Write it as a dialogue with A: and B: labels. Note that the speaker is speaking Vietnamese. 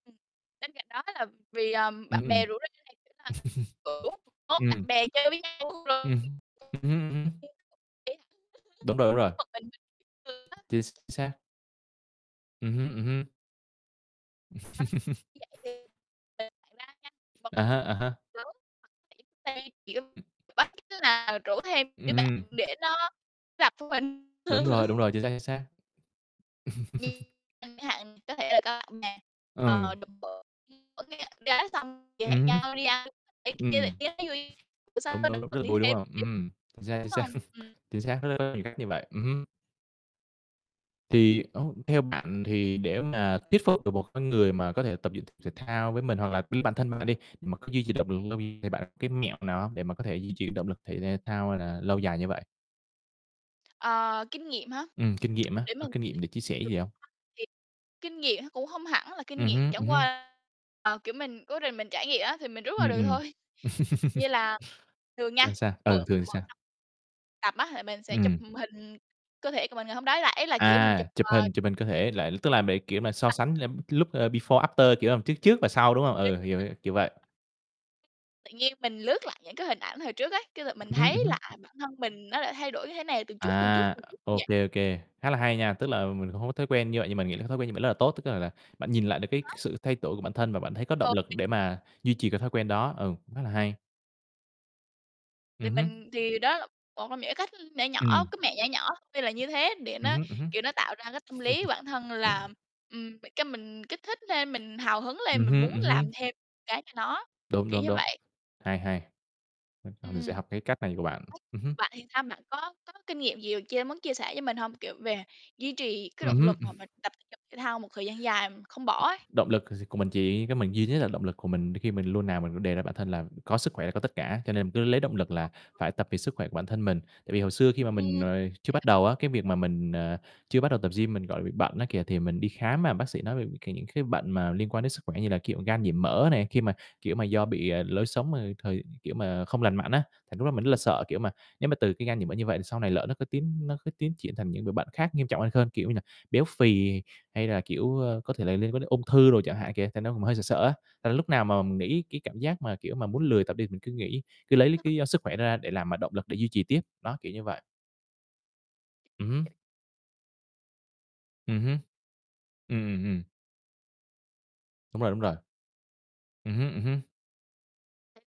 A: Ừm. Bên cạnh đó là vì, à,
B: Ừm,
A: bạn
B: ừm,
A: bè
B: ừm.
A: rủ rê này, thề là, kiểu, vốn bạn
B: Ừm.
A: bè chơi với nhau
B: Ừm
A: [unintelligible]
B: hứm, ừm hứm, ừm hứm. Đúng rồi, đúng rồi.
A: một mình mình thường á.
B: Chính xác. Ừm
A: Ừm.
B: hứm, ừm hứm.
A: Ờ. Như
B: À há, à há.
A: vậy thì
B: Ừm.
A: [unintelligible] tức là rủ thêm
B: Ừm
A: đứa bạn
B: hừm.
A: để nó gặp tụi mình.
B: Đúng rồi, đúng rồi, chính xác, chính xác.
A: Thì chẳng hạn thì có thể là có ở nhà,
B: Ừm.
A: ờ, [unintelligible] xong thì hẹn
B: Ừm hứm.
A: nhau đi ăn, đi
B: Ừm.
A: [unintelligible] bữa
B: Đúng,
A: sau được
B: đúng, rất là
A: đi
B: vui, đúng
A: thêm
B: hông?
A: tiếp,
B: Ừm, chính xác, chính
A: đúng
B: xác,
A: hông? Ừm.
B: chính xác rất rất nhiều cách như vậy. Ừm hứm. Thì ô, theo bạn thì để mà thuyết phục được một cái người mà có thể tập dựng thể dục thao với mình, hoặc là chính bản thân bạn đi, mà có duy trì động lực lâu dài, thì bạn cái mẹo nào để mà có thể duy trì động lực thể thao hay là lâu dài như vậy?
A: Ờ, kinh nghiệm hả,
B: Ừm, kinh nghiệm á,
A: để
B: có
A: mình
B: kinh nghiệm để chia sẻ
A: nghĩ
B: gì
A: [unintelligible]
B: hông?
A: thì kinh nghiệm nó cũng không hẳn là kinh
B: Ừm
A: nghiệm,
B: hứm, ừm
A: chẳng
B: hứm.
A: qua, ờ, kiểu, mình cố tình mình trải nghiệm á thì mình rút ra
B: Ừm,
A: được
B: ừm.
A: thôi. Như là thường nha,
B: Sao, sao? Ừ,
A: mở
B: thường thì sao?
A: [unintelligible] tập á thì mình sẽ chụp
B: Ừm.
A: hình cơ thể của mình ngày hôm đó, là ý là, kiểu, mình
B: À,
A: chụp,
B: chụp
A: ờ
B: hình chụp hình cơ thể lại, tức là để, kiểu mà, so
A: À.
B: sánh lem lúc, ơ, before, after, kiểu làm trước trước và sau, đúng hông? Ừ, hiểu,
A: [unintelligible]
B: hiểu, kiểu vậy.
A: Tự nhiên mình lướt lại những cái hình ảnh hồi trước ấy, cái lượt mình
B: Ừm hứm,
A: thấy
B: ừm hứm.
A: là, à, bản thân mình nó lại thay đổi như thế này từng chút, từng chút,
B: À,
A: từng chút như
B: ô
A: vậy.
B: kê, ô kê, khá là hay nha, tức là mình cũng hông có thói quen như vậy, nhưng mình nghĩ là cái thói quen như vậy rất là tốt. Tức là là bạn nhìn lại được cái
A: Có.
B: sự thay đổi của bản thân và bạn thấy có động
A: Thường
B: lực
A: thì
B: để mà duy trì cái thói quen đó. Ừm, cũng khá là hay.
A: Thì
B: Ừm hứm.
A: mình thì đó là một trong những cái cách nhỏ nhỏ,
B: Ừm.
A: cái mẹo nhỏ nhỏ, tuy là như thế để
B: Ừm
A: nó,
B: hứm, ừm hứm.
A: kiểu, nó tạo ra cái tâm lý bản thân là, ừm, cái mình kích thích thêm, mình hào hứng lên,
B: Ừm
A: mình
B: hưm,
A: muốn
B: ừm
A: làm
B: hưm.
A: thêm cái cho nó,
B: Đúng,
A: kiểu
B: đúng,
A: như
B: đúng.
A: vậy.
B: Hay, hay, ờ, còn mình sẽ
A: Ừm.
B: học cái cách này của bạn.
A: [unintelligible]
B: Ừm hứm.
A: Bạn thì sao? Bạn có có kinh nghiệm gì chia muốn chia sẻ cho mình hông? Kiểu, về duy trì cái
B: Ừm
A: động
B: hứm.
A: lực
B: Ừm.
A: mà mình tập thể dục thể thao một thời gian dài không bỏ ấy?
B: Động lực gi của mình chỉ có mình duy nhất là động lực của mình khi mình luôn nào mình đề ra bản thân là có sức khỏe là có tất cả, cho nên mình cứ lấy động lực là
A: [unintelligible]
B: phải tập vì sức khỏe của bản thân mình. Tại vì hồi xưa khi mà
A: Ừm.
B: mình, ờ, chưa bắt
A: [unintelligible]
B: đầu á, cái việc mà mình, ờ, chưa bắt đầu tập gym mình, gọi là, bị bệnh á kìa, thì mình đi khám, à, bác sĩ nói về những c những cái bệnh mà liên quan đến sức khỏe, như là kiểu gan nhiễm mỡ này, khi mà, kiểu mà do bị, ờ, lối sống, ờ, thời kiểu mà không lành mạnh á, thì lúc đó mình rất là sợ. Kiểu mà, nếu mà từ cái gan nhiễm mỡ như vậy thì sau này lỡ nó có tiến nó cứ tiến triển thành những đồ bệnh khác nghiêm trọng hơn hơn, kiểu như nà, béo phì hay là, kiểu, ơ, có thể là liên quan đến ung thư đồ chẳng hạn kìa. Thành ra cũng hơi sợ sợ á, là lúc nào mà mình nghĩ cái cảm giác mà, kiểu mà, muốn lười tập đi, mình cứ nghĩ, cứ lấy l cái lý do sức khỏe đó ra để làm mà động lực để duy trì tiếp, đó, kiểu như vậy. Ừm hứm.
A: [unintelligible]
B: Ừm hứm. Ừm, ừm, ừm. Đúng rồi, đúng
A: [unintelligible]
B: rồi. Ừm hứm, ừm hứm.